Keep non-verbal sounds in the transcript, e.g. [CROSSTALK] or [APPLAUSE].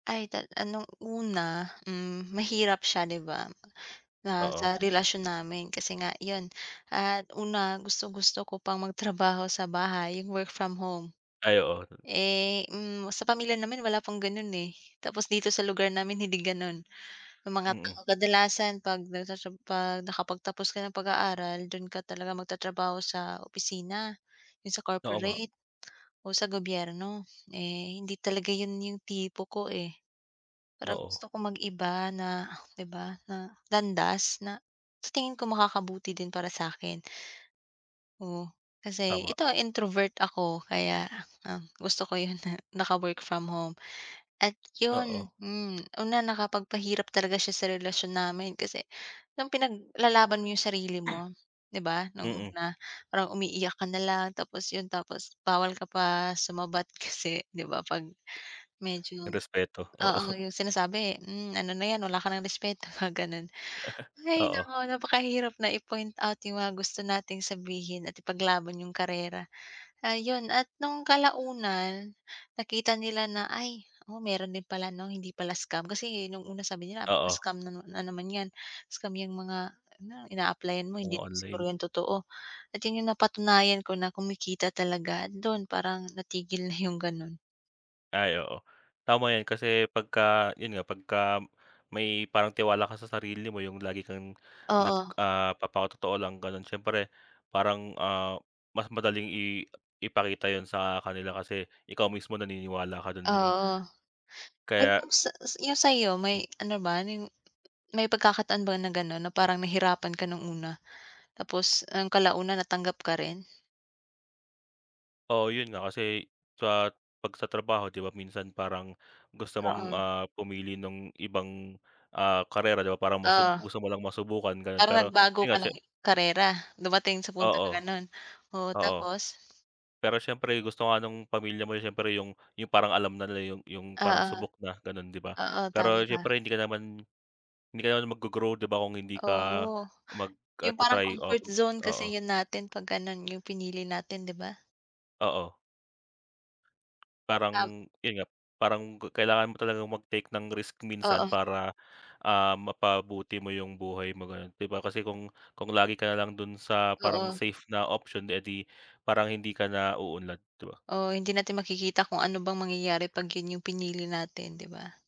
Ay, tal ano, una, hmm, mahirap siya 'di ba na Oo. sa relasyon namin. Kasi nga, iyon, at una, gustong-gusto ko pang magtrabaho sa bahay, yung work from home. Ay oo, tot Eh, hmm, sa pamilya naman wala pang ganun eh. Tapos dito sa lugar namin hindi ganun, yung mga Mm. kadalasan 'pag nasa siyu 'pag nakapagtapos ka ng pag-aaral dun ka talaga magtatrabaho sa opisina, yung sa Oo nga. corporate, o sa gobyerno. Eh hindi talaga yun yung tipo ko eh. Parang Oo. gusto ko mag-iba na, 'di ba, na landas na sa tingin ko makakabuti din para sa'kin. Oh, kasi, Tama. ito, ah, introvert ako, kaya, um, gusto ko yung naka-work from home at Oo. yun, hmm, una nakapagpahirap talaga siya sa relasyon namin, kasi nung pinaglalaban mo yung sarili Ah. mo, 'di ba, nung Mm. una parang umiiyak ka nalang, tapos yun, tapos bawal ka pa sumabat kasi 'di ba 'pag medyo, Respeto, oo, oo. yung sinasabi, hmm, ano na yan wala ka ng respeto, mga ganun. [CHUCKLES] Hay Oo. naku, napakahirap na i-point out yung mga gusto nating sabihin at ipaglaban yung karera. Ayun, at nung kalaunan nakita nila na, "Ay, oo, meron din pala 'no, hindi pala scam," kasi nung una sabi nila, "baka Oo. scam na na naman yan," scam yang mga ina-applyan mo hindi Oo, siguro online. yung totoo, at yun yung napatunayan ko na kumikita talaga, dun parang natigil na yung ganun. Ay, oo. Tama yan, kasi pagka, yun nga, pagka may parang tiwala ka sa sarili mo, yung lagi kang nag, Oo. ah, papakatotoo lang ganun, siyempre parang, ah, mas madaling i ipakita yun sa kanila, kasi ikaw mismo naniniwala ka dun, 'di ba? Oo, Kaya, yung sa yung sa'yo, Hmm. may ano ba yung may pagkakataon ba na ganun na parang nahirapan ka nung una, tapos, ah, kalaunan natanggap ka rin? Oo, yun nga, kasi sa 'pag sa trabaho 'di ba minsan parang gusto mong, Oo. ah, pumili nung ibang, ah, karera, 'di ba? Parang masub Oo. gusto mo lang masubukan, ganun. Parang Pero nagbago yun, ka siye ng karera dumating sa punto Oo. na ganun, oo, Oo, tapos? pero siyempre gusto nga nung pamilya mo siyempre yung yung parang alam na nila yung yung parang Oo. subok na, ganon, 'di ba? Oo, tama Pero ka. siyempre hindi ka naman hindi ka naman maggro-grow, 'di ba, kung hindi ka Oh, mag, ah, yung parang tra-try, o comfort zone kasi oo. 'yon natin 'pag ano yung pinili natin, 'di ba? Oo. Parang Tam yun nga, parang kailangan mo talagang mag-take ng risk minsan, Oo. para, ah, mapabuti mo yung buhay mo ganun, 'di ba? Kasi kung kung lagi ka nalang dun sa parang Oo. safe na option, eh 'di parang hindi ka na uunlad, 'di ba? Oo, hindi natin makikita kung ano bang mangyayari 'pag yun yung pinili natin, 'di ba?